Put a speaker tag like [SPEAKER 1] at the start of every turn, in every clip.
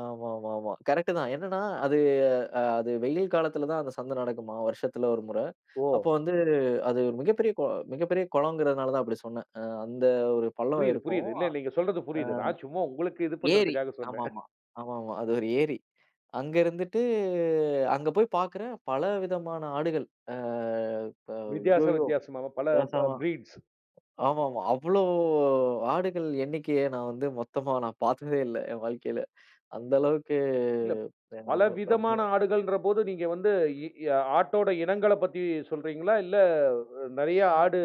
[SPEAKER 1] ஆமாமாமா கரெக்ட் தான். என்னன்னா அது அ அது வெயில் காலத்துல தான் அந்தச் சந்த நடக்குமா, வருஷத்துல ஒரு முற. அப்போ
[SPEAKER 2] ஓ!
[SPEAKER 1] வந்து அது மிகப்பெரிய கோ மிகப்பெரிய குளங்கறதுனால தான் அப்டி சொன்னேன். அ அந்த ஒரு பள்ளம்
[SPEAKER 2] புரியுது,
[SPEAKER 1] இருக்கும்.
[SPEAKER 2] புரியுது. இல்ல,
[SPEAKER 1] அ
[SPEAKER 2] நீங்க சொல்றது புரியுது. நான் சும்மா உங்களுக்கு இது
[SPEAKER 1] ஏரி.
[SPEAKER 2] பண்றதுக்காக சொன்னேன்.
[SPEAKER 1] ஆமாமா ஆமாமா அது ஒரு ஏரி. அங்க இருந்துட்டு அங்க போய்ப் பாக்குறேன். பலவிதமான ஆடுகள். அ ப
[SPEAKER 2] வித்தியாச
[SPEAKER 1] ஐயயோ,
[SPEAKER 2] வித்தியாசமா பல
[SPEAKER 1] பேசாவ
[SPEAKER 2] ப பிரீட்ஸ்.
[SPEAKER 1] ஆமாமா, அவ்ளோ ஆடுகள் எண்ணிக்கைய நான் வந்து மொத்தமா நா பாத்ததே இல்ல. என் வாழ்க்கையில அந்த அளவுக்கு
[SPEAKER 2] இல்ல.
[SPEAKER 1] எனக்கு
[SPEAKER 2] பல
[SPEAKER 1] ரொம்ப.
[SPEAKER 2] விதமான
[SPEAKER 1] [unintelligible]
[SPEAKER 2] ஆடுகள்ன்ற போது நீங்க வந்து எ அ ஆட்டோட இனங்களப் பத்தி சொல்றீங்களா? இல்ல நறைய
[SPEAKER 1] அ.
[SPEAKER 2] ஆடு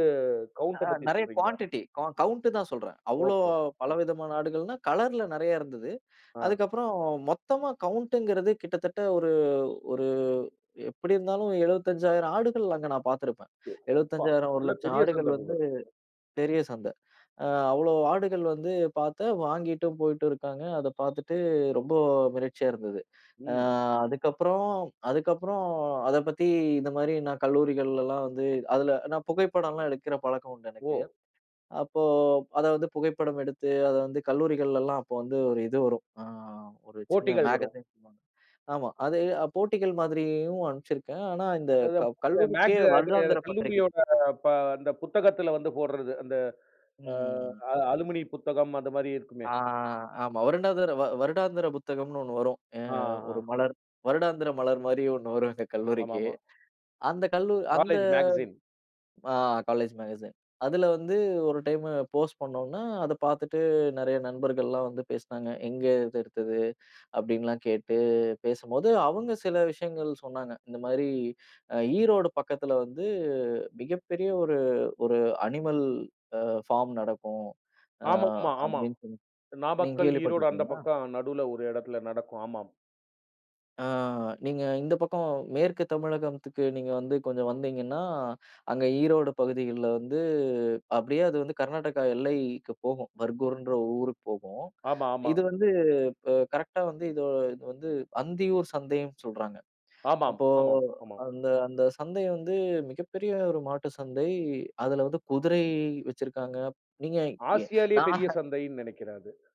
[SPEAKER 2] கவுன்ட்ட
[SPEAKER 1] அ,
[SPEAKER 2] பத்தி
[SPEAKER 1] நறைய
[SPEAKER 2] சொல்றீங்களா?
[SPEAKER 1] கூவான்டிடி க கவுன்ட தான் சொல்றேன். அவ்ளோ
[SPEAKER 2] ஓகே. ம்.
[SPEAKER 1] பலவிதமான ஆடுகள்னா கலர்-ல நறைய இருந்தது.
[SPEAKER 2] ஆ.
[SPEAKER 1] அதுக்கப்புறம் மொத்தமா கவுன்ட்ங்கறது கிட்டத்தட்ட ஒரு ஒரு எப்டி இருந்தாலும் 75,000 ஆடுகள் அங்க நான் பாத்துருப்பேன்.
[SPEAKER 2] எப்பா!
[SPEAKER 1] 75,000 ஒரு
[SPEAKER 2] நல்ல
[SPEAKER 1] லட்ச
[SPEAKER 2] பெரிய
[SPEAKER 1] ஆடுகள்
[SPEAKER 2] சந்தை போல
[SPEAKER 1] வந்து
[SPEAKER 2] இருக்கு. [unintelligible]
[SPEAKER 1] பெரிய சந்த. அ அவ்ளோ ஆடுகள் வந்து பாத்து, வாங்கிட்டும் போயிட்டு இருக்காங்க. அத பாத்துட்டு ரொம்ப மிரட்சியா இருந்தது. அ
[SPEAKER 2] ம்.
[SPEAKER 1] அதுக்கப்புறம் அதுக்கப்புறம் அதப் பத்தி இந்த மாரி நா கல்லூரிகள்லாம் வந்து அதுல நான் புகைப்படம்லாம் எடுக்கற பழக்கம் உண்டு எனக்கு.
[SPEAKER 2] ஓ!
[SPEAKER 1] அப்போ அதாவது புகைப்படம் எடுத்து அத வந்து கல்லூரிகள்லலாம் அப்போ வந்து ஒரு இது வரும் அ ஒரு சின்ன
[SPEAKER 2] போட்டிகள் வரும்.
[SPEAKER 1] மேகஸின். ஆமா அது போட்டிகள் மாதிரியும் அனுப்ச்சுருக்கேன். ஆனா இந்தக்
[SPEAKER 2] அதுதான்
[SPEAKER 1] க
[SPEAKER 2] [unintelligible]
[SPEAKER 1] கல்லூரிக்கே
[SPEAKER 2] மேகு அது
[SPEAKER 1] வருடாந்தர பத்திரிகை.
[SPEAKER 2] கல்லூரியோட ப அந்தப் புத்தகத்துல வந்து போடுறது. அந்த ஆ
[SPEAKER 1] ம்.
[SPEAKER 2] அ அலுமினி புத்தகம் அந்த மாரி இருக்குமே.
[SPEAKER 1] ஆ, ஆமா வருடாதர வருடாந்திர புத்தகம்னு ஒண்ணு வரும். அ
[SPEAKER 2] ஆ,
[SPEAKER 1] ஒரு
[SPEAKER 2] அ.
[SPEAKER 1] மலர் வருடாந்தர மலர் மாரியே ஒ்ண்ணு வரும் எங்க கல்லூரிக்கு.
[SPEAKER 2] ஆமாமா.
[SPEAKER 1] அந்தக் கல்லூ அந்த
[SPEAKER 2] காலேஜ் மேகஸின்.
[SPEAKER 1] ஆ, காலேஜ் மேகஸின். அதுல வந்து ஒரு டைம் போஸ்ட் பண்ணோனா, அத பாத்துட்டு நறைய நண்பர்கள்லாம் வந்து பேசுனாங்க. "எங்க இது எடுத்தது?" அப்டின்னுலாம் கேட்டுப் பேசும்போது, அவங்க சில விஷயங்கள் சொன்னாங்க. இந்த மாரி ஈரோடு பக்கத்துல வந்து மிகப்பெரிய ஒரு ஒரு அ அனிமல் ஃபார்ம் நடக்கும். அ
[SPEAKER 2] ஆமாமா, ஆமா.
[SPEAKER 1] அப்டின்னு சொல் நீங்க
[SPEAKER 2] நாமக்கல், ஈரோடு அந்தப்
[SPEAKER 1] கேள்விப்பட்டிருக்கீங்களா?
[SPEAKER 2] பக்கம். நடுவுல ஒரு இடத்துல நடக்கும். ஆமாம்.
[SPEAKER 1] அ நீங்க இந்தப் பக்கம் மேற்கு தமிழகத்துக்கு நீங்க வந்து கொஞ்சம் வந்தீங்கன்னா, அங்க ஈரோடு பகுதிகள்ல வந்து அப்படியே அது வந்து கர்நாடகா எல்லைக்கு போகும். பர்கூர்ன்ற ஒரு ஊருக்குப் போகும்.
[SPEAKER 2] ஆமா, ஆமா.
[SPEAKER 1] இது வந்து கரெக்ட்டா வந்து இது வந்து அந்தியூர் சந்தைனு சொல்றாங்க.
[SPEAKER 2] ஆமாம்,
[SPEAKER 1] அப்போ
[SPEAKER 2] ஆமாம், ஆமாம்.
[SPEAKER 1] அந்த அந்த சந்தை வந்து மிகப்பெரிய ஒரு மாட்டு சந்தை. அதுல வந்து குதிரை வச்சிருக்காங்க. நீங்க எ
[SPEAKER 2] ஆசியாலேயே பெரிய
[SPEAKER 1] நான்
[SPEAKER 2] சந்தைன்னு நெனைக்கிறேன் அது!